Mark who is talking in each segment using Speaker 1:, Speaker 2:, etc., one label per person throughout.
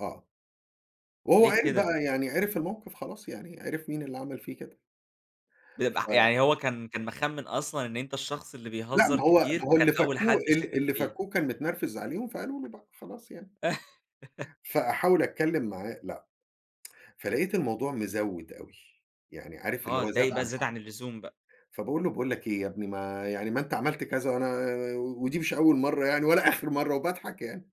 Speaker 1: آه. وهو
Speaker 2: ليه
Speaker 1: عرف
Speaker 2: كده؟
Speaker 1: بقى يعني عرف الموقف خلاص يعني عرف مين اللي عمل فيه كده.
Speaker 2: بيبقى
Speaker 1: ف
Speaker 2: يعني هو كان كان مخمن أصلًا إن أنت الشخص اللي
Speaker 1: لأ
Speaker 2: بيهزر
Speaker 1: ما هو
Speaker 2: كتير،
Speaker 1: ما هو
Speaker 2: فكان
Speaker 1: اللي
Speaker 2: أول
Speaker 1: فكوه
Speaker 2: حد
Speaker 1: ال
Speaker 2: شاكك
Speaker 1: اللي
Speaker 2: فيه.
Speaker 1: فكوه كان متنرفز عليهم فقالوا له بقى خلاص يعني. فأحاول أتكلم معاه لأ، فلقيت الموضوع مزود أوي، يعني عارف اللي
Speaker 2: آه،
Speaker 1: هو زاد
Speaker 2: اتضايق بقى
Speaker 1: عن حده.
Speaker 2: زيادة عن اللزوم بقى.
Speaker 1: فباقول له: "باقول لك إيه يا ابني ما يعني ما أنت عملت كذا وأنا آآ ودي مش أول مرة يعني ولا آخر مرة" وباضحك يعني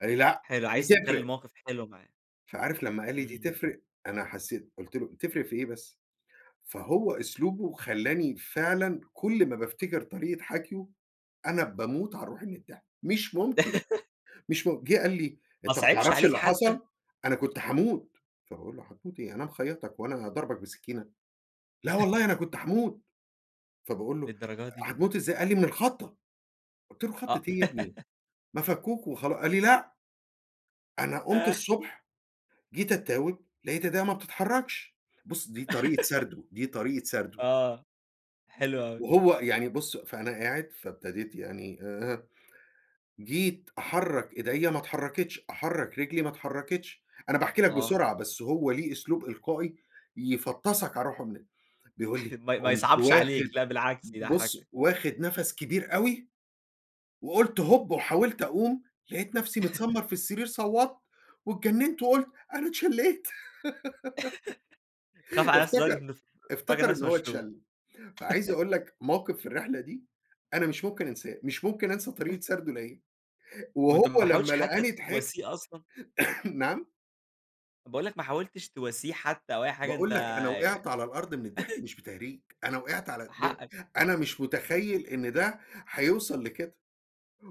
Speaker 1: قال لي: "لأ
Speaker 2: حلو،
Speaker 1: دي
Speaker 2: عايز تخلي
Speaker 1: تفرق."
Speaker 2: الموقف حلو معاه.
Speaker 1: فعارف لما قال لي دي
Speaker 2: امم.
Speaker 1: تفرق أنا حسيت قُلت له: "تفرق في إيه بس؟" فهو أسلوبه خلّاني فعلًا كل ما بافتكر طريقة حكيه أنا باموت على روحي من الضحك مش ممكن، مش م جه قال لي:
Speaker 2: ما
Speaker 1: "أنت ما
Speaker 2: صعبش
Speaker 1: تعرفش
Speaker 2: عليك
Speaker 1: اللي
Speaker 2: حتى؟
Speaker 1: حصل؟ أنا كنت هاموت" فباقول له: "هتموت إيه؟ أنا مخيطك هو أنا ضاربك بسكينة!" "لا والله أنا كنت هاموت" فباقول له:
Speaker 2: للدرجة دي؟
Speaker 1: "هتموت إزاي؟" قال لي: "من الخضة" قلت له: "خضة
Speaker 2: آه.
Speaker 1: إيه يا ابني؟ ما فكوك وخلا" قال لي: "لأ" "أنا قمت الصبح جيت أتاوب لقيت إيديا ما بتتحركش" بُصّ، دي طريقة سرده، دي طريقة سرده.
Speaker 2: آه، حلو أوي.
Speaker 1: وهو يعني بُصّ، فأنا قاعد فابتديت يعني آآ، جيت أحرّك إيديا ما اتحركتش، أحرّك رجلي ما اتحركتش أنا باحكي لك
Speaker 2: آه.
Speaker 1: بسرعة بس هو له أسلوب إلقائي يفطسك على روحه من ال بيقول لي:
Speaker 2: ما ما
Speaker 1: "قمت
Speaker 2: يصعبش عليك
Speaker 1: واخد
Speaker 2: لا بالعكس يضحكك.
Speaker 1: بُص واخد نَفَس كبير أوي وقلت هوب وحاولت أقوم لقيت نفسي متسمر في السرير صوّت واتجننت وقلت أنا اتشليت"
Speaker 2: خاف علي نفسه لدرجة
Speaker 1: افتكر
Speaker 2: إنه فاكر
Speaker 1: افتكر إن
Speaker 2: نفسه
Speaker 1: هو
Speaker 2: مشلول.
Speaker 1: اتشل، فعايز أقول لك موقف في الرحلة دي أنا مش ممكن أنساه مش ممكن أنسى طريقة سرده ليا، وهو
Speaker 2: وأنت ما حاولتش
Speaker 1: لمّا
Speaker 2: حتى
Speaker 1: لقاني ضحكت
Speaker 2: تواسيه أصلًا؟
Speaker 1: نعم؟
Speaker 2: طَب باقول لك ما حاولتش تواسيه حتى أو أي حاجة؟ أنت
Speaker 1: باقول لك أنا وقعت على الأرض من الضحك مش بتهريج أنا وقعت على ب
Speaker 2: حقك.
Speaker 1: أنا مش متخيل إن ده هيوصل لكده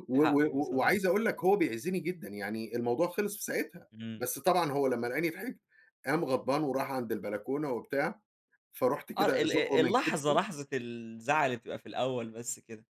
Speaker 1: و
Speaker 2: حقك
Speaker 1: و
Speaker 2: بصراحة.
Speaker 1: وعايز أقول لك هو بيعزني جدًا يعني الموضوع خلص في ساعتها
Speaker 2: امم.
Speaker 1: بس طبعًا هو لمّا لقاني ضحكت قام غضبان وراح عند البلكونة وبتاع، فرُحت
Speaker 2: آه
Speaker 1: كده
Speaker 2: ال
Speaker 1: أزقه
Speaker 2: أ
Speaker 1: من
Speaker 2: اللحظة
Speaker 1: كتفه.
Speaker 2: لحظة الزعل اللي بتبقى في الأول بس كده